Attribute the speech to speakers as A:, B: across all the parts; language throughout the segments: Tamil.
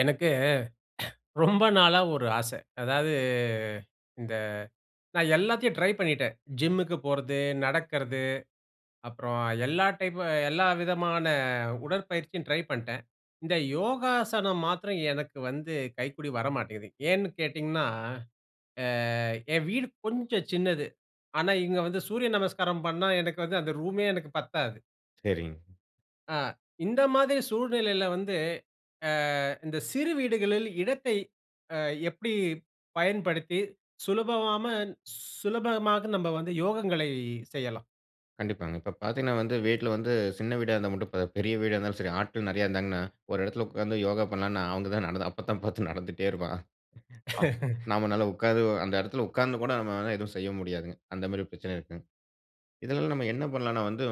A: எனக்கு, ரொம்ப நாளா ஒரு ஆச. அதாவது இந்த நான் எல்லாத்தையும் ட்ரை பண்ணிட்டேன். ஜிம்முக்கு போறது, நடக்கறது, அப்பறம் எல்லா டைப்பு, எல்லா விதமான உடற்பயிற்சியும் ட்ரை பண்ட்டேன். இந்த யோகாசனம் மாத்திரம் எனக்கு வந்து கைக்கூடி வரமாட்டேங்குது. ஏன்னு கேட்டிங்கன்னா, அ என் வீடு கொஞ்சம் சின்னது. ஆனா, இங்க வந்து சூரிய நமஸ்காரம் பண்ணா எனக்கு வந்து அந்த ரூமே எனக்கு பத்தாது
B: சரிங்க.
A: அ. இந்த மாதிரி சூழ்நிலையில வந்து, அ, இந்த சிறு வீடுகளில் இடத்தை அ, எப்டி பயன்படுத்தி சுலபபாமன் சுலபமாக நம்ம வந்து யோகங்களை செய்யலாம்?
B: கண்டிப்பாங்க. இப்போ பாத்தீங்கன்னா வந்து, வீட்ல வந்து சின்ன வீடா இருந்தா மட்டும் போதாது. பெரிய வீடா இருந்தாலும் சரி ஆட்கள் நிறைய இருந்தாங்கன்னா, ஒரு இடத்துல உட்காந்து யோகா பண்ணலானா அவங்க தான் நடந்து அப்ப தான் பாத்து நடந்துட்டே இருப்பான். நம்மாளால உட்கார்ந்து அந்த இடத்துல உட்கார்ந்து கூட நம்மளால எதுவும் செய்ய முடியாதுங்க. அந்த மாரி பிரச்சன இருக்குங்க. இதுல நம்ம என்ன பண்ணலாம்னா வந்து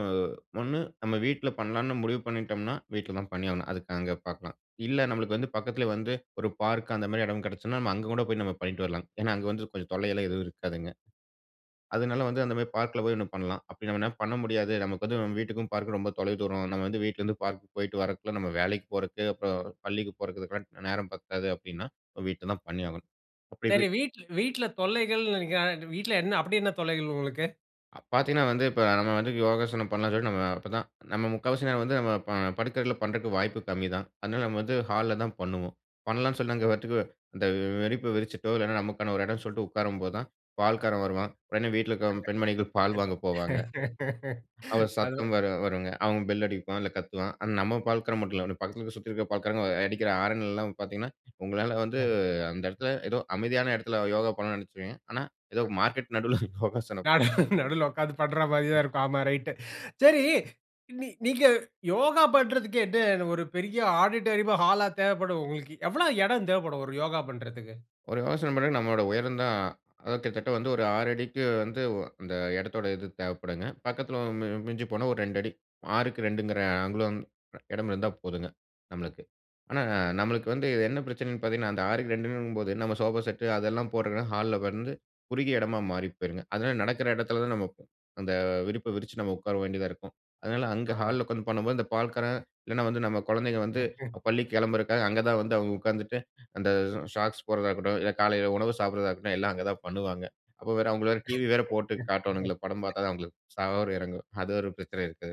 B: ஒண்ணு, நம்ம வீட்ல பண்ணலாம்னு முடிவு பண்ணிட்டோம்னா, வீட்ல தான் பண்ணியாவனும். அதுக்கு அங்க பாக்கலாம். இல்ல நமக்கு வந்து பக்கத்துல வந்து, ஒரு பார்க் அந்த மாரி இடம் கிடச்சுனா. நம்ம அங்க கூட போயி நம்ம பண்ணிட்டு வரலாம். ஏனா, அங்க வந்து கொஞ்சம் தொல்லை எல்லாம் எதுவும் இருக்காதுங்க. அதுனால வந்து அந்த மாரி பார்க்குல போய் ஒண்ணு பண்லாம். அப்டி நம்ம பண்ண முடியாது. நமக்கு வந்து நம்ம வீட்டுக்கும், பார்க்குக்கும் ரொம்ப தொலை தூரம். நம்ம வந்து வீட்லருந்து பார்க் போயிட்டு வரக்குள்ள, நம்ம வேலைக்கு போறது, அப்றம் பள்ளிக்கு போறதுக்கெல்லாம் நேரம் பத்தாது அப்டின்னா, வீட்ல தான் பண்ணியாகணும். அப்டி
A: சரி
B: வீ
A: வீட் வீட்ல தொல்லைகள். [unintelligible] வீட்ல அப்டி என்ன தொல்லைகள் உங்களுக்கு?
B: அ பார்த்தீங்கன்னா வந்து இப்ப நம்ம வந்து யோகாசனம் பண்ணலான்னு சொல்லிட்டு நம்ம அப்பதான் நம்ம முக்காவாசி நேரம் வந்து நம்ம ப, படிக்கை அறையில பண்றக்கு வாய்ப்பு கம்மி தான். அதனால நம்ம வந்து ஹால்ல தான் பண்ணுவோம். பண்ணலான்னு சொல்லி அங்க [unintelligible] அந்த விரிப்ப விரிச்சிட்டோ இல்லன்னா, நமக்கான ஒரு இடம் சொல்லிட்டு உட்காரும்போதான், பால்காரன் வருவான். உடனே வீட்ல இருக்கிற பெண்மணிகள் பால் வாங்க போவாங்க. அவுங்க
A: அது.
B: சத்தம் வேற வருங்க. அவுங்க பெல் அடிப்பான். இல்ல கத்துவான். ஆனா நம்ம பால்க்காரன் மட்டும் இல்ல. பக்கத்தில சுத்தி இருக்க பால்காரங்க அடிக்கிற ஆரன் எல்லாம் பார்த்தீங்கன்னா, உங்களால வந்து
A: அ.
B: அந்த இடத்தில ஏதோ அமைதியான இடத்தில யோகா பண்ண நினைச்சிருப்பீங்க. ஆனா ஏதோ
A: [unintelligible]
B: மார்க்கெட் நடுவுல யோகாசனம் பண்ற
A: நானும் நடுவுல உட்கார்ந்து பண்றாமாரி தான் இருக்கும். ஆமா ரைட். சரி நீ நீங்க யோகா பண்றதுக்கே என்ன ஒரு பெரிய ஆடிட்டோரியமா! ஹாலா தேவைப்படும்? உங்களுக்கு எவ்ள இடம் தேவைப்படும்? ஒரு யோகா பண்றதுக்கு.
B: ஒரு யோசனை பண்ணுங்க நம்மோட உயர்ந்தான், அ கிட்டத்தட்ட வந்து ஒரு 6 அடிக்கு வந்து அந்த இடத்தோட இது தேவைப்படுங்க. பக்கத்தில மி மிஞ்சி போனா ஒரு 2 அடி 6க்கு 2ங்கிற அங்குலம் இடம் இருந்தா போதுங்க. நம்மளுக்கு. ஆனா நம்மளுக்கு வந்து என்ன பிரச்சனைன்னு பாத்தீங்கன்னா, அந்த 6க்கு 2 அடிங்கம்போது நம்ம சோபா செட் அதெல்லாம் போடுறக்குன்னா, ஹால்ல வந்து குறுகிய இடமா மாறி போயிருங்க. அதுனால நடக்கிற இடத்தில தான் நம்ம அந்த விரிப்ப விரிச்சு நம்ம உட்கார வேண்டியதா இருக்கும். அதனால அங்க
A: ஆ.
B: ஹால்ல உட்கார்ந்து பண்ணும்போது, அந்த பால்காரன் இல்லன்னா வந்து நம்ம குழந்தைங்க வந்து பள்ளிக்கு கிளம்புறக்காக அங்க தான் வந்து அவுங்க உட்கார்ந்துட்டு, அந்த ஷாக்ஸ் போட்றதா இருக்கட்டும், இல்ல காலையில உணவு சாப்பிட்றதா இருக்கட்டும், எல்லாம் அங்க தான் பண்ணுவாங்க. அப்ப வேற அவுங்க வேற டிவி வேற போட்டு காட்டுவாங்கல்ல. படம் பார்த்தா தான் அவுங்களுக்கு சோறு இறங்கும். அது ஒரு பிரச்சனை இருக்கு.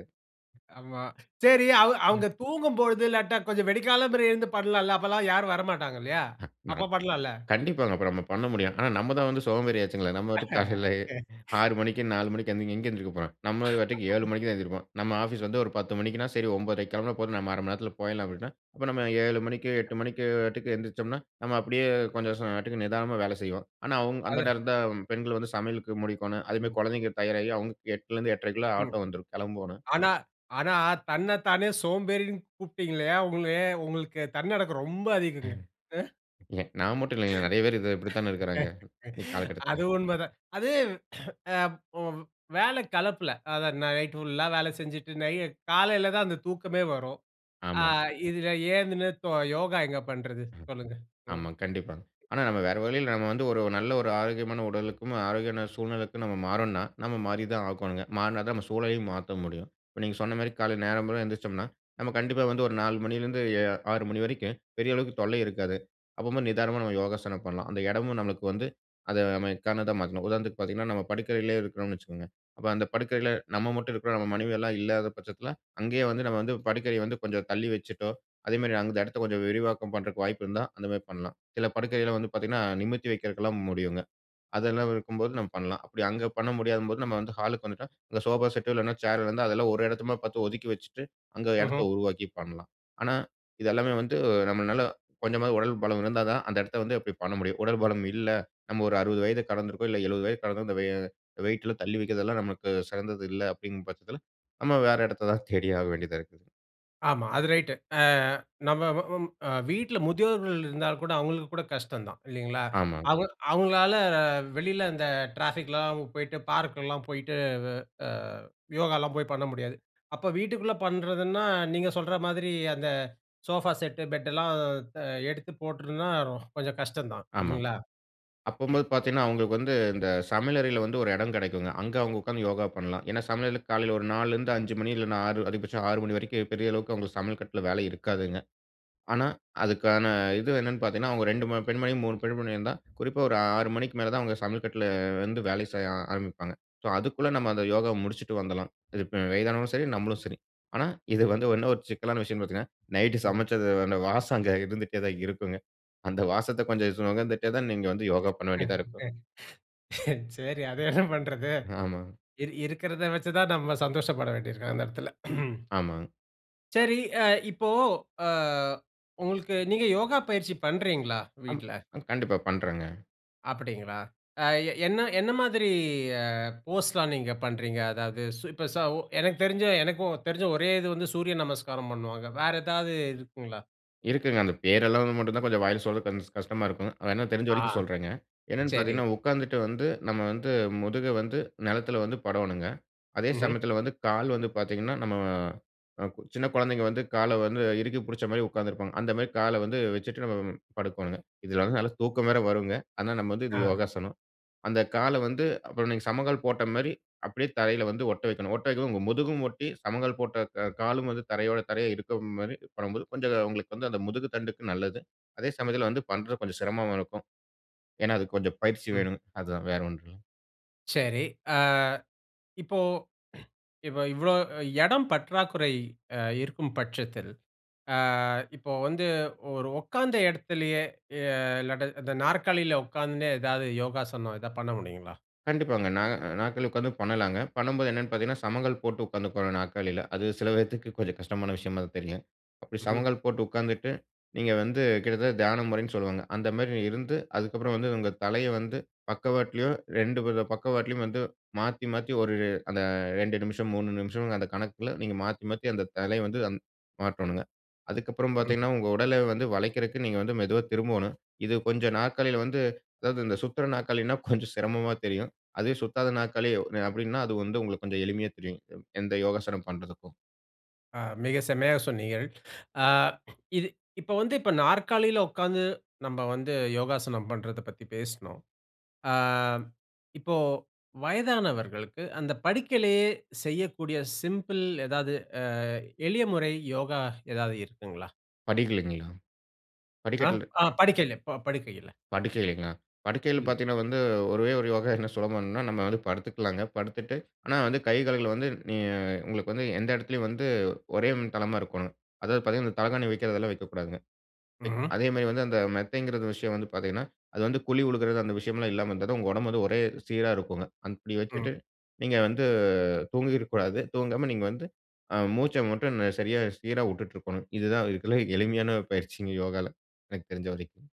A: ஆமா. சரி அவ
B: ம்.
A: அவுங்க தூங்கும் பொழுது இல்லாட்டா கொஞ்சம் விடி காலமற எழுந்து பண்ணலான்ல. அப்பலாம் யாரும் வரமாட்டாங்க இல்லயா?
B: அ.
A: அப்ப
B: நம்
A: பண்லான்ல.
B: கண்டிப்பாங்க. அப்ப நம்ம பண்ண முடியும். ஆனா நம்ம தான் வந்து சோம்பேறி ஆச்சுங்களே! நம்ம வாட்டுக்கு காலையிலே 6 மணிக்கு 4 மணிக்கி எழுந்து எங்க எழுந்திரிக்க போறோம். நம்ம வாட்டுக்கு 7 மணிக்கு தான் எந்திரிப்போம். நம்ம ஆபீஸ் வந்து ஒரு 10 மணிக்குன்னா, சரி 91/2க்கி கிளம்பினா போதும். நம்ம 1/2 மணி நேரத்தில போயிட்லாம் அப்பிடின்னா, அப்ப நம்ம 7 மணிக்கு 8 மணிக்கு வாட்டுக்கு எழுந்திரிச்சம்ன்னா, நம்ம அப்பிடியே கொஞ்சம் [unintelligible] நிதானமா வேலை செய்வோம். ஆனா அவுங் அந்த
A: அத
B: நேரம் தான் பெண்கள் வந்து சமையலுக்கு முடிக்கணும். அதே மாதிரி
A: ம்.
B: குழந்தைகள் தயாராகி அவுங்களுக்கு 8ல இருந்து 8 1/2க்குள்ள
A: ம்.
B: ஆட்டோ வந்துரும் கிளம்போன்னு.
A: ஆனா, ஆனா தன்ன தானே சோம்பேறின்னு கூப்பிட்டீங்க இல்லயா! உங்களே, உங்களுக்கு தன்னடக்கம் ரொம்ப அதிகங்க. அ.
B: எங்க நாம மட்டும் இல்லேங்க, நிறைய பேர் இது, இப்பிடித்தான இருக்குறாங்க. இன்னக்கி காலகட்டத்துக்கு.
A: அது உண்ம தான். அது அ ஒரு வேல கலப்பில. அதான் நைட் ஃபுல்லா வேல செஞ்சிட்டு நை காலையில தான் அந்த தூக்கமே வரும். ஆ
B: ஆமாங்.
A: இதில எழுந்ததுமே யோகா எங்க பண்றது?
B: ம்.
A: சொல்லுங்க. ம்.
B: ஆமாங்க. கண்டிப்பாங்க. ஆனா நம்ம வேறு வழியில நம்ம வந்து ஒரு நல்ல ஒரு ஆரோக்கியமான உடலுக்கும், ஆரோக்கியமான சூழ்நிலைக்கும் நம்ம மாறோன்னா, நம்ம மாறி தான் ஆகணுங்க. மாறுனா தான் நம்ம சூழலயும் மாத்த முடியும். இப்ப நீங்க சொன்னமாரி காலையில நேரம்போற எந்திரிச்சம்ன்னா, நம்ம கண்டிப்பா வந்து ஒரு 4மணில இருந்து 6 மணி வரைக்கும் பெரிய அளவுக்கு தொல்லை இருக்காது. அப்பமோ நிதானமா நம்ம யோகாசனம் பண்ணலாம். அந்த இடமும் நமக்கு வந்து அத [unintelligible] உதாரணத்துக்கு பார்த்தீங்கன்னா, நம்ம படுக்கறையிலே இருக்குறோம்னு வச்சிக்கங்க. அப்ப அந்த படுக்கறையில நம்ம மட்டும் இருக்குறோம். நம்ம மனைவி எல்லாம் இல்லாத பட்சத்தில அங்கேயே வந்து நம்ம வந்து படுக்கைய வந்து கொஞ்சம் தள்ளி வச்சிட்டோ! அதேமாரி, அந்த இடத்த கொஞ்சம் விரிவாக்கம் பண்றக்கு வாய்ப்பு இருந்தா, அந்தமாரி பண்லாம். சில படுக்கையில வந்து பார்த்தீங்கன்னா, நிமிர்த்தி வைக்கிறக்குலாம் முடியுங்க. அதெல்லாம் இருக்கும்போது நம்ம பண்லாம். அப்பிடி அங்க பண்ண முடியாதம்போது நம்ம வந்து ஹாலுக்கு வந்துட்டா, இந்த சோஃபா செட் இல்லன்னா, சேர் இருந்தா அதெல்லாம் ஒரு இடத்தமா பார்த்து ஒதுக்கி வச்சிட்டு, அங்க இடத்த
A: ம்ஹ்ம்.
B: உருவாக்கி பண்ணலாம். ஆனா, இது எல்லாமே வந்து நம்மனால கொஞ்சமாவது உடல் பலம் இருந்தா தான் அந்த இடத்த வந்து அப்பிடி பண்ண முடியும். உடல் பலம் இல்ல. நம்ம ஒரு 60 வயத கடந்திருக்கோம், இல்ல 70 வயது கடந்திருக்கோம். இந்த வெயிட்லாம் தள்ளி வைக்கிறதெல்லாம் நமக்கு சிறந்தது இல்ல, அப்பிடிங்கிற பட்சத்தில நம்ம வேற இடத்த தான் தேடி ஆக வேண்டியதா இருக்கு.
A: ஆமா. அது ரைட்டு. அ நம்ம வ வீட்ல முதியோர்கள் இருந்தா கூட, அவங்களுக்கு கூட கஷ்டந்தான். இல்லீங்களா!
B: ஆமா.
A: அவுங்க அவுங்களால வெளியில அந்த ட்ராஃபிக்லாம் போயிட்டு, பார்க் எல்லாம் போயிட்டு. அ அ யோகாலாம் போய் பண்ண முடியாது. அப்போ வீட்டுக்குள்ள பண்றதுன்னா, நீங்க சொல்ற மாதிரி அந்த சோஃபா செட்டு, பெட்டுலாம் அ எடுத்து போட்ருந்தா கொஞ்சம் கஷ்டம் தான்
B: ஆமா.
A: இல்லீங்களா.
B: அப்பம்போது பாத்தீங்கன்னா, அவுங்களுக்கு வந்து இந்த சமையல் அறையில வந்து ஒரு எடம் கெடைக்குங்க. அங்க அவுங்க உட்கார்ந்து யோகா பண்லாம். ஏன்னா, சமையலுக்கு காலைல ஒரு 4- லருந்து 5 மணி இல்லனா 6 அதிகபட்சம் 6 மணி வரைக்கும். பெரிய அளவுக்கு அவுங்களுக்கு சமையல் கட்ல வேலை இருக்காதுங்க. ஆனா, அதுக்கான இது என்னனு பாத்தீங்கன்னா, அவுங்க 2 ம பெண்மணி, 3 பெண்மணி இருந்தா, குறிப்பா ஒரு 6 மணிக்கு மேல தான் அவுங்க சமையல் கட்ல வந்து வேலை செய்ய ஆரம்பிப்பாங்க. சோ, அதுக்குள்ள நம்ம அந்த யோகாவ முடிச்சுட்டு வந்துடலாம். இப்ப வயதானவங்களும் சரி, நம்மளும் சரி. ஆனா, இது வந்து இன்னும் ஒரு சிக்கலான விஷயம்னு பாத்தீங்கன்னா, நைட்டு
A: ம்
B: சமச்சது அந்த வாசம் அங்க இருந்துட்டே தான் இருக்குங்க. அந்த வாசத்த கொஞ்சம் சு நுகர்ந்துட்டே தான் நீங்க வந்து யோகா பண்ண வேண்டியதா இருக்கும்.
A: சரி. அத என்ன பண்றது?
B: ஆமாங்க.
A: இரு இருக்கிறத வச்சி தான் நம்ம சந்தோஷப்பட வேண்டிருக்கும் அந்த நேரத்துல.
B: ஆமாங்
A: சரி. அ இப்போ, அ உங்களுக்கு நீங்க யோகா பயிற்சி பண்றீங்ளா,
B: அம்.
A: வீட்ல?
B: கண்டிப்பா, பண்றேங்க.
A: அப்படிங்களா? அ எ என்ன என்ன மாதிரி அ போஸ்லாம் நீங்க பண்றீங்க. அதாவது சோ இப்போ சோ உ எனக்கு தெரிஞ்ச எனக்கும் தெரிஞ்ச ஒரே இது வந்து சூரிய நமஸ்காரம் பண்ணுவாங்க. வேற ஏதாவது இருக்குங்களா?
B: இருக்குங்க. அந்த பேரெல்லாம் வந்து மட்டுந்தான் கொஞ்சம் வாயில சொல்றதுக்கு கொஞ்சம் கஷ்டமா இருக்கும். வேணா தெரிஞ்ச
A: ஆ,
B: வரைக்கும் சொல்றேங்க. என்னென்னு
A: சரி.
B: பாத்தீங்கன்னா உக்காந்துட்டு வந்து, நம்ம வந்து முதுக வந்து நிலத்துல வந்து படோணுங்க. அதே
A: ம்ஹ்ம்.
B: சமயத்துல வந்து, கால் வந்து பாத்தீங்கன்னா, நம்ம அ, கு சின்ன குழந்தைங்க வந்து கால வந்து இறுக்கி புடிச்ச மாரி உக்காந்திருப்பாங்க. அந்த மாரி கால வந்து வச்சுட்டு, நம்ம படுக்கோணுங்க. இதுல வந்து நல்ல தூக்கம் வேற வருங்க. ஆனா நம்ம வந்து இது
A: ஆ.
B: யோகாசனம். அந்த கால வந்து, அப்புறம் நீங்க சம்மணங்கால் போட்ட மாரி, அப்டியே தரைல வந்து ஒட்ட வைக்கணும். ஒட்ட வைக்கம் போ உங்க முதுகும் ஒட்டி, சம்மணங்கால் போட்ட கா காலும் வந்து தரையோட தரையா இருக்க மாரி பண்ணம்போது, கொஞ்சம் உங்களுக்கு வந்து அந்த முதுகு தண்டுக்கு நல்லது. அதே சமயத்துல வந்து பண்றது கொஞ்சம் சிரமமா இருக்கும். ஏன்னா அதுக்கு கொஞ்சம் பயிற்சி
A: ம்.
B: வேணும். அதுதான் வேற ஒன்றும் இல்லை.
A: சரி. அ இப்போ, இப்ப இவ்ளோ எடம் பற்றாக்குறை அ இருக்கும் பட்சத்தில், ஆ இப்போ வந்து ஒரு உக்காந்த எடத்திலயே, எ இல்லாட்டா, இந்த நாற்காலில உக்காந்துண்டே ஏதாவது யோகாசனம் எதா பண்ண முடியுங்களா?
B: கண்டிப்பாங்க. நா, நாற்காலில உட்காந்து பண்ணலாங்க. பண்ணும்போது என்னன்னு பாத்தீங்கன்னா, சமங்கால் போட்டு உட்காந்து கொள்ளனும் நாற்காலில. அது சில பேத்துக்கு கொஞ்சம் கஷ்டமான விஷயமா தான் தெரியும்.
A: ம்ஹ்ம்.
B: சமங்கால் போட்டு உட்காந்துட்டு, நீங்க வந்து கிட்டத்தட்ட தியானம் முறைன்னு சொல்வாங்க. அந்த மாரி இருந்து அதுக்கப்றம் வந்து, உங்க தலைய வந்து பக்கவாட்லயும் 2 பக்கவாட்லயும் வந்து, மாத்தி, மாத்தி ஒரு, அந்த 2:00 நிமிஷம், 3:00 நிமிஷம், அந்த கணக்குல நீங்க மாத்தி, மாத்தி அந்த தலைய வந்து மாத்தனுங்க. அதுக்கப்றம்
A: ம்.
B: பாத்தீங்கன்னா, உங்க உடலை வந்து வளைக்கிறதுக்கு நீங்க வந்து மெதுவா திரும்பனும். இது கொஞ்சம் நாற்காலில வந்து, அதாவது இந்த சுத்துற நாற்காலின்னா கொஞ்சம் சிரமமா தெரியும். அது சுத்தாத நாற்காலி அப்டின்னா, அது வந்து உங்களுக்கு கொஞ்சம் எளிமையா தெரியும். எந்த யோகாசனம் பண்றதுக்கும்.
A: அ, மிக செம்மையா சொன்னீகள். அ, இது இப்ப வந்து இப்ப நாற்காலில உட்காந்து, நம்ம வந்து யோகாசனம் பண்றதப் பத்தி பேசுனோம். அ, இப்போ வயதானவர்களுக்கு அந்த படுக்கையிலே செய்யக்கூடிய சிம்பிள் ஏதாவது அ, எளிய முறை யோகா ஏதாவது இருக்குங்ளா?
B: படிகள்லைங்களா?
A: அ,
B: படிக்கட்ல
A: அ
B: அ.
A: படுக்கையில, படுக்கையில.
B: படுக்கைங்ளா, படுக்கைகள்
A: ம்.
B: பாத்தீங்கன்னா, வந்து ஒரே ஒரு யோகா என்ன சுலபம்னா நம்ம வந்து படுத்துக்கலாங்க. படுத்துட்டு, ஆனா வந்து கை கால்கள் வந்து, நீங்க உங்களுக்கு வந்து எந்த எடத்திலயும் வந்து, ஒரே தளமா இருக்கோணும். அதாவது பாத்தீங்கன்னா, அந்த தலகாணி வக்கிறதெல்லாம் வக்கக்கூடாதுங்க.
A: ம்ஹ்ம்.
B: அதே மாரி வந்து, அந்த மெத்தைங்கிற விஷயம் வந்து பாத்திங்கன்னா, அது வந்து குழி விழுகுறது அந்த விஷயம்லாம் இல்லாம இருந்தா தான், உங்க ஒடம்பு வந்து ஒரே சீரா இருக்குங்க. அப்டி
A: ம்.
B: வச்சுட்டு நீங்க வந்து, தூங்கிருக்க கூடாது. தூங்காம நீங்க வந்து, ஆ மூச்ச மட்டும் சரியா சீரா விட்டுட்டு இருக்கணும். இதுதான் இதுல எளிமையான பயிற்சிங்க யோகால்ல, எனக்கு தெரிஞ்ச வரைக்கும்.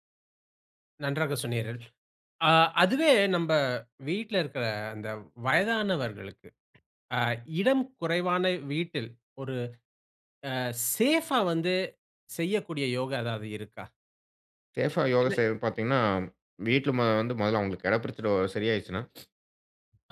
A: நன்றாக சொன்னீர்கள். ஆ அதுவே நம்ப வீட்ல இருக்கற அந்த வயதானவர்களுக்கு, அ இடம் குறைவான வீட்டில் ஒரு ஆ சேஃபா வந்து செய்யக்கூடிய யோகா ஏதாவது இருக்கா?
B: சேஃப் ஆ, யோகா
A: என்ன
B: செய்றது பாத்தீங்கன்னா,
A: ம்.
B: வீட்ல மொத வந்து மொதல்ல அவுங்களுக் எட பிரச்சன ஓரள சரியாயிச்சுன்னா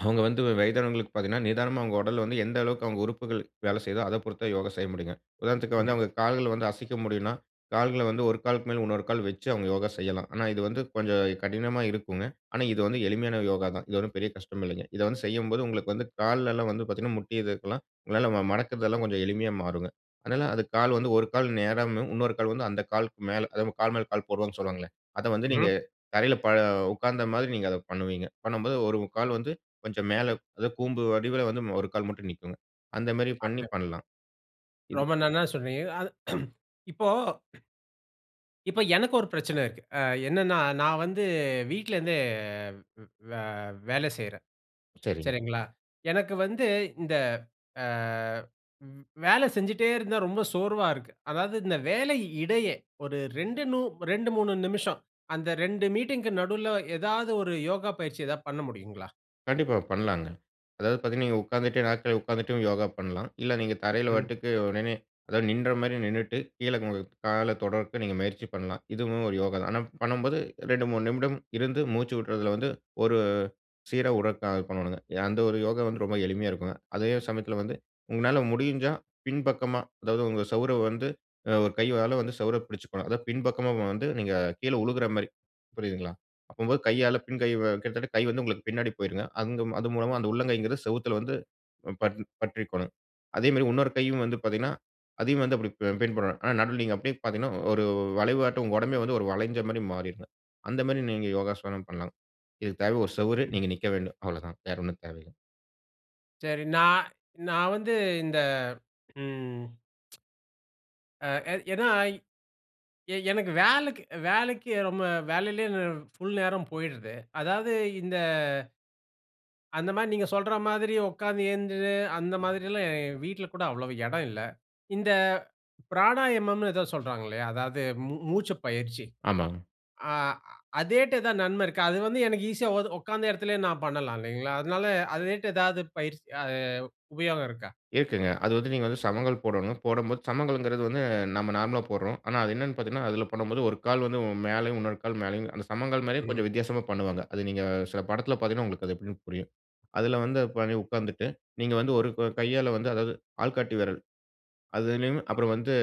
B: அவுங்க வந்து வயதானவங்களுக்கு பாத்தீங்கன்னா, நிதானமா அவுங்க உடல்ல வந்து எந்த அளவுக்கு அவுங்க உறுப்புகள் வேல செய்யுதோ அத பொறுத்து தான் யோகா செய்ய முடியுங்க. உதாரணத்துக்கு வந்து
A: ம்ஹ்ம்.
B: அவுங்களுக் கால்கள வந்து அசைக்க முடியுன்னா, கால்கள வந்து 1 காலுக்கு மேல் உன்னொரு கால் வெச்சு அவுங்க யோகா செய்யலாம். ஆனா இது வந்து கொஞ்சம் கடினமா இருக்குங்க. ஆனா இது வந்து எளிமையான யோகா தான். இது ஒண்ணும் பெரிய கஷ்டம் இல்லைங்க. இத வந்து செய்யும்போது உங்களுக்கு வந்து கால்லல்லாம் வந்து பாத்தீங்கன்னா, முட்டி இதுக்கெல்லாம் உங்களால வ மடக்கறதெல்லாம் கொஞ்சம் எளிமையா மாறுங்க. அதனால அது கால் வந்து 1 கால் நேராம்னு உன்னொரு கால் வந்து அந்த காலுக்கு மேல அதா நம்ம கால் மேல கால் போடுரோன்னு சொல்வாங்கள்ல. அதை வந்து நீங்க
A: ம்ஹ்ம்.
B: தரையில ப உக்காந்த மாதிரி நீங்க அத பண்ணுவீங்க. பண்ணம்போது, 1 கால் வந்து கொஞ்சம் மேலே அதா கூம்பு வடிவில வந்து 1 கால் மட்டும் நிக்குங்க. அந்த மாரி பண்ணி
A: [unintelligible]
B: பண்லாம். இது.
A: ரொம்ப நன்னா சொன்னீங்க. அது இப்போ இப்போ எனக்கு ஒரு பிரச்சனை இருக்கு. அ என்னன்னா நான் வந்து, வீட்லருந்தே வே வேல செய்றேன்.
B: சரிங்க.
A: சரிங்களா! எனக்கு வந்து இந்த அ-வ் வேலை செஞ்சுட்டே இருந்தா ரொம்ப சோர்வா இருக்கு. அதாவது இந்த வேலை இடையே ஒரு 2 நு 2 3 நிமிஷம் அந்த 2 மீட்டிங்க்கு நடுல ஏதாவது 1 யோகா பயிற்சி எதா பண்ண முடியுங்களா?
B: கண்டிப்பா. பண்லாங்க. அதாவது பாத்தீங்கன்னா, நீங்க உட்காந்துட்டே நாற்காலில உட்கார்ந்துட்டு யோகா பண்லாம். இல்ல நீங்க தரையில
A: ம்.
B: வட்டுக்கு, உடனே அதாவது நின்ற மாரி நின்னுட்டு, கீழ உங்க கால தொடுரதுக்கு நீங்க முயற்சி பண்ணலாம். இதுவும் ஒரு யோகா தான். ஆனா, பண்ணும்போது 2:00 3:00 நிமிடம் இருந்து மூச்சு விட்ரதுல வந்து ஒரு, சீரா உடற்கா பண்ணுவாங்க. அந்த ஒரு யோகா வந்து ரொம்ப எளிமையா இருக்குங்க. அதே சமயத்துல வந்து உங்களால முடிஞ்சா பின்பக்கமா, அதாவது உங்க சுவர வந்து, அ ஒரு கையால சுவர புடிச்சிக்கணும். அதாது பின்பக்கமா வந்து நீங்க கீழ விழுகிற மாரி, புரியுதுங்களா. அப்போது கையால பின் கை கிட்டத்தட்ட கை வந்து உங்களுக்கு பின்னாடி போய்டுங்க. அந்த அது மூலமா அந்த உள்ளங்கைங்கிறது சுவத்துல வந்து, அ, ப பற்றி கொள்ளணும். அதே மாரி இன்னொரு கையும் வந்து பாத்தீங்கன்னா, அதையும் வந்து, அப்டி பின் பண்ணனும். ஆனா, நடுவுல நீங்க அப்டியே பாத்தீங்கன்னா, ஒரு வளைவாட்டம் உங்க உடம்பே வந்து ஒரு வளைஞ்ச மாரி மாறிருங்க. அந்த மாரி நீங்க யோகாசனம் பண்லாம். இதுக்கு தேவ ஒரு சுவறு,
A: ம்.
B: நீங்க நிக்க வேண்டும். அவ்ளோ தான் வேற ஒண்ணும் தேவயில்ல.
A: சரி. நான், நான் வந்து, இந்த, ம். அ, அ, ஏனாய் எ எனக்கு வேலைக்கி, வேலைக்கி ரொம்ப வேலையிலேயே ஃபுல் நேரமும் போயிருது. அதாவது இந்த அந்த மாரி, நீங்க சொல்ற மாதிரி உட்காந்து எழுந்து, அந்த மாதிரிலாம் வீட்ல கூட அவ்வளவு இடம் இல்ல. இந்த பிராணாயமம்னு ஏதோ சொல்றாங்களே, அதாவது மூ மூச்சு பயிற்சி.
B: ஆமாங்க.
A: அ, அதேதுல தான் நன்மை இருக்கா? அது வந்து எனக்கு ஈசியா ஒ உட்காந்த இடத்திலேயே நான் பண்ணலாம், இல்லைங்களா. அதனால அதே மாரி ஏதாவது பயிற்சி அ உபயோகம் இருக்கா?
B: இருக்குங்க. அது வந்து நீங்க வந்து, சமணங்கால் போடனும். போடும்போது சமணங்கால்ன்றது வந்து நம்ம நார்மலா போட்றோம். ஆனா, அது என்னன்னு பாத்தீங்கன்னா, அதுல பண்ணும்போது ஒரு கால் வந்து மேலேயும், இன்னொரு கால் மேலயும். அந்த சமணங்கால் மாரியும்,
A: ம்.
B: கொஞ்சம் வித்தியாசமா பண்ணுவாங்க. அது நீங்க சில படத்துல பாத்தீங்கன்னா உங்களுக்கு அது எப்டினு புரியும். அதுல வந்து, அ, ப உட்காந்துட்டு, நீங்க வந்து ஒரு, க கையால வந்து, அதாவது ஆள்காட்டி விரல். அதிலும் அப்பறம்
A: ம்.
B: வந்து,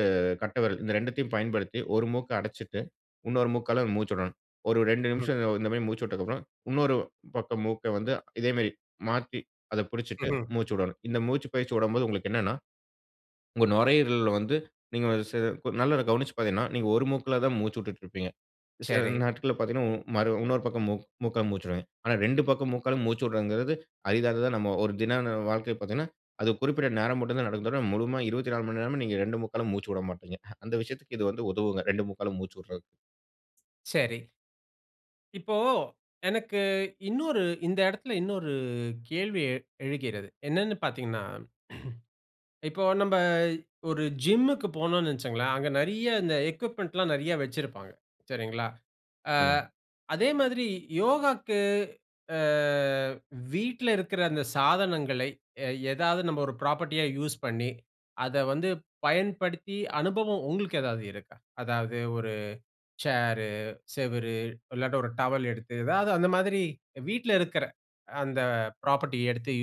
B: கட்ட விரல் இந்த 2 தயும் பயன்படுத்தி ஒரு மூக்க அடச்சிட்டு, இன்னொரு மூக்கால மூச்சு விடணும். ஒரு 2
A: ம்.
B: நிமிஷம் இந்த மாரி மூச்சு விட்டதுக்கப்றம் இன்னொரு பக்கம் மூக்க வந்து இதே மாரி மாத்தி, அத புடிச்சிட்டு
A: ம்ஹ்ம்.
B: மூச்சு விடணும்.. இந்த மூச்சு பயிற்சி விடும்போது உங்களுக்கு என்னனா, உங்க நுரையீரல்ல வந்து, நீங்க ச நல்ல கவனிச்சு பாத்தீங்கன்னா, நீங்க ஒரு மூக்குல தான் மூச்சு விட்டுட்ருப்பீங்க சில
A: சரி.
B: நாட்கள்ல பாத்தீங்கன்னா, ம், மறு இன்னொரு பக்கம் மூக் மூக்கால மூச்சு விடுவீங்க. ஆனா, 2 பக்க மூக்காலும் மூச்சு விட்றதுங்கறது அரிதானது நம்ம ஒரு தின வாழ்க்கைல பாத்தீங்கன்னா, அது குறிப்பிட்ட நேரம் மட்டும் தான் நடக்கும். முழுமயா 24 மணி நேரமும் நீங்க 2 மூக்காலும் மூச்சு விட மாட்டீங்க. அந்த விஷயத்துக்கு இது வந்து உதவுங்க. இரண்டு மூக்காலும் மூச்சு விட்றது.
A: சரி. இப்போ எனக்கு இன்னொரு இந்த இடத்தில இன்னொரு கேள்வி எ எழுகிறது. என்னன்னு பார்த்தீங்கன்னா, இப்போ நம்ப ஒரு ஜிம்க்கு போனோனு வச்சிக்கோங்களேன், அங்க நிறைய இந்த எக்விப்மென்ட்லாம் நிறைய வச்சிருப்பாங்க. சரிங்களா! ஆ
B: சொல்லுங்க.
A: அதே மாதிரி யோகாக்கு, ஆ வீட்ல இருக்கிற அந்த சாதனங்களை எ எதாவது நம்ம ஒரு ஃப்ராப்பர்ட்டியா யூஸ் பண்ணி, அத வந்து பயன்படுத்தி அனுபவம் உங்களுக்கு ஏதாவது இருக்கா? அதாவது ஒரு சேரு, செவரு இல்லாட்டா, ஒரு டவல் எடுத்து, எதாவது அந்த மாதிரி வீட்ல இருக்கிற அந்த ஃப்ராப்பர்ட்டி எடுத்து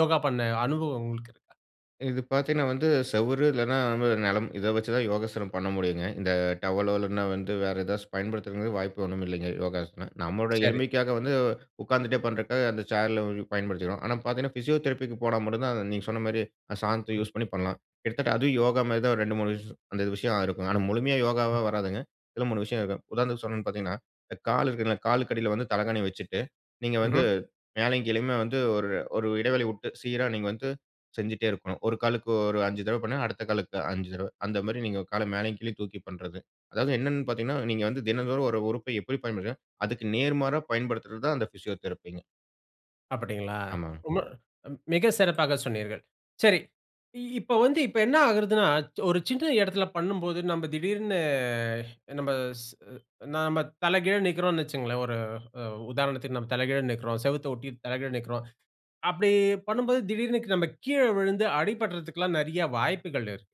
A: யோகா பண்ண அனுபவம் உங்களுக்கு இருக்கா?
B: இது பார்த்தீன்னா, வந்து செவரு இல்லன்னா நம்ப நிலம் இத வச்சுதான் யோகாசனம் பண்ண முடியுங்க. இந்த டவலோ இல்லன்னா வந்து, வேற ஏதாச்சும் பயன்படுத்துறக்கு வாய்ப்பு ஒன்னும் இல்லைங்க, யோகாசனம். நம்மளோட
A: சரி.
B: எளிமைக்காக வந்து உட்கார்ந்துட்டே பண்றக்காக, அந்த சேர்ல பயன்படுத்திக்கிறோம். ஆனா, பார்த்தீங்கன்னா ஃபிசியோதெரபிக்கு போனா மட்டும் தான், அந்த நீங்க சொன்னமாரி அந்த சாதனத்த
A: ம்.
B: யூஸ் பண்ணி பண்ணலாம். கிட்டத்தட்ட அதுவும் யோகாமாரி தான் ஒரு ரெண்டு மூணு விஷயம் அந்த விஷயம் இருக்கும். ஆனா, முழுமையா
A: அ.
B: யோகாவா வராதுங்க. இதில மூணு விஷயம் இருக்கும். உதாரணத்திற்கு சொல்லன்னு பார்த்தீங்கன்னா, இந்த கால் இருக்குன்னா, காலுக்கு அடில வந்து தலகாணி வச்சிட்டு, நீங்க வந்து
A: ம்ஹ்ம்.
B: மேலேயும், கீழேயுமே வந்து ஒரு, ஒரு இடைவெளி விட்டு, சீரா நீங்க வந்து செஞ்சுட்டே இருக்கணும். ஒரு காலுக்கு ஒரு 5 தடவ பண்ணா, அடுத்த காலுக்கு 5 தடவ. அந்தமாரி நீங்க கால மேலயும், கீழயும் தூக்கி பண்றது. அதாவது என்னன்னு பார்த்தீங்கன்னா, நீங்க வந்து தினந்தோறும் ஒரு உறுப்பை எப்பிடி பயன்படுத்துனீங்கன்னா, அதுக்கு நேர்மாறா பயன்படுத்துறது தான், அந்த பிசியோதெரபிங்க.
A: அப்படிங்களா?
B: ஆமாங்க.
A: ரொம்ப மிக சிறப்பாக சொன்னீர்கள். சரி. இ இப்ப வந்து இப்ப என்ன ஆகிறதுன்னா, ஒரு சின்ன இடத்தில பண்ணும்போது நம்ம திடீர்ன்னு நம்ம ஸ் நாம தலகீழா நிற்கிறோம்னு வச்சிக்கோங்களேன். ஒரு உதாரணத்திற்கு, நம்ம தலைகீழா நிற்கிறோம். செவுத்த ஒட்டி தலை கீழா நிற்கிறோம். அப்படி பண்ணும்போது திடீர்னு க நம்ம கீழ விழுந்து அடிபடுறதுக்கெல்லாம் நிறையா வாய்ப்புகள் இருக்கு.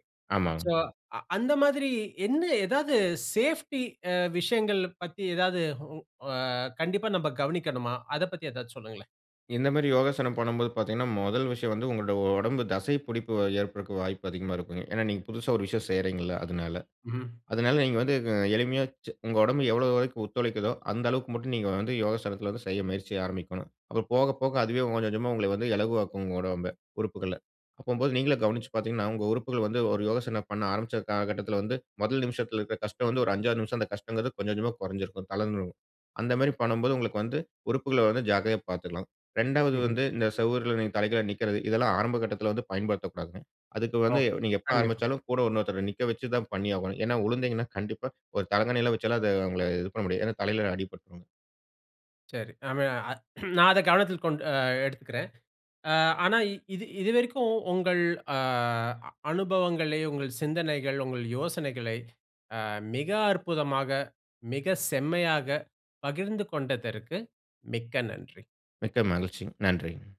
A: ஸோ
B: ஆமாங்க.
A: அ அந்த மாதிரி என்ன எதாவது சேஃப்டி அ விஷயங்கள பத்தி எதாவது வு அ கண்டிப்பா நம்ம கவனிக்கணுமா? அத பத்தி எதாச்சும் சொல்லுங்களேன்.
B: இந்த மாரி யோகாசனம் பண்ணும்போது பார்த்தீங்கன்னா, முதல் விஷயம் வந்து உங்களோட உடம்பு தசை பிடிப்பு வ ஏற்படுறக்கு வாய்ப்பு அதிகமா இருக்குங்க. ஏன்னா, நீங்க புதுசா ஒரு விஷயம் செய்யறீங்கள்ல, அதனால.
A: ம்.
B: அதனால நீங்க வந்து அ எளிமையா ச் உங்க உடம்பு எவ்வளோ வரைக்கும் ஒத்துழைக்குதோ அந்த அளவுக்கு மட்டும் நீங்க வந்து யோகாசனத்தில வந்து செய்ய முயற்சி ஆரம்பிக்கணும். அப்புறம் போக போக அதுவே கொஞ்சம், கொஞ்சமா உங்கள வந்து இலகுவாக்கும், உங்க உடம்ப உறுப்புகள. அப்பம்போது நீங்களே கவனிச்சிப் பார்த்தீங்கன்னா, உங்க உறுப்புகள் வந்து ஒரு யோகாசனம் பண்ண ஆரம்பிச்ச கால கட்டத்தில வந்து முதல் நிமிஷத்துல இருக்க கஷ்டம் வந்து ஒரு 5, 6 நிமிஷம் அந்த கஷ்டங்கிறது கொஞ்சம், கொஞ்சமா குறைஞ்சிருக்கும், தளந்துடும். அந்த மாரி பண்ணம்போது உங்களுக்கு வந்து உறுப்புகள வந்து ஜாக்கிரதையா பார்த்துக்கலாம். 2வது
A: ம்ஹ்ம்.
B: வந்து இந்த சுவருல நீங்க தலை கீழா நிக்கிறது. இதெல்லாம் ஆரம்ப கட்டத்தில வந்து பயன்படுத்தக்கூடாதுங்க. அதுக்கு வந்து
A: ஒகே.
B: நீங்க எப்ப
A: கண்டிப்பா.
B: ஆரம்பிச்சாலும் கூட இன்னொருத்தர நிக்க வச்சு தான் பண்ணியாகணும். ஏனா உழுந்தீங்கன்னா, கண்டிப்பா ஒரு தலகாணிலாம் வைச்செல்லாம் அத அவுங்கள இது பண்ண முடியாது. ஏன்னா, தலையில அடிபட்ரும்.
A: சரி. அவன் அத் நான் அத கவனத்தில் கொண்டு அ எடுத்துக்கிறேன். அ ஆனா இது இதுவரைக்கும் உங்கள் அ அனுபவங்களை, உங்கள் சிந்தனைகள், உங்கள் யோசனைகளை அ மிக அற்புதமா மிக செம்மையாக பகிர்ந்து கொண்டதற்கு மிக்க நன்றி.
B: மிக்க மகிழ்ச்சிங்க. நன்றிங்க.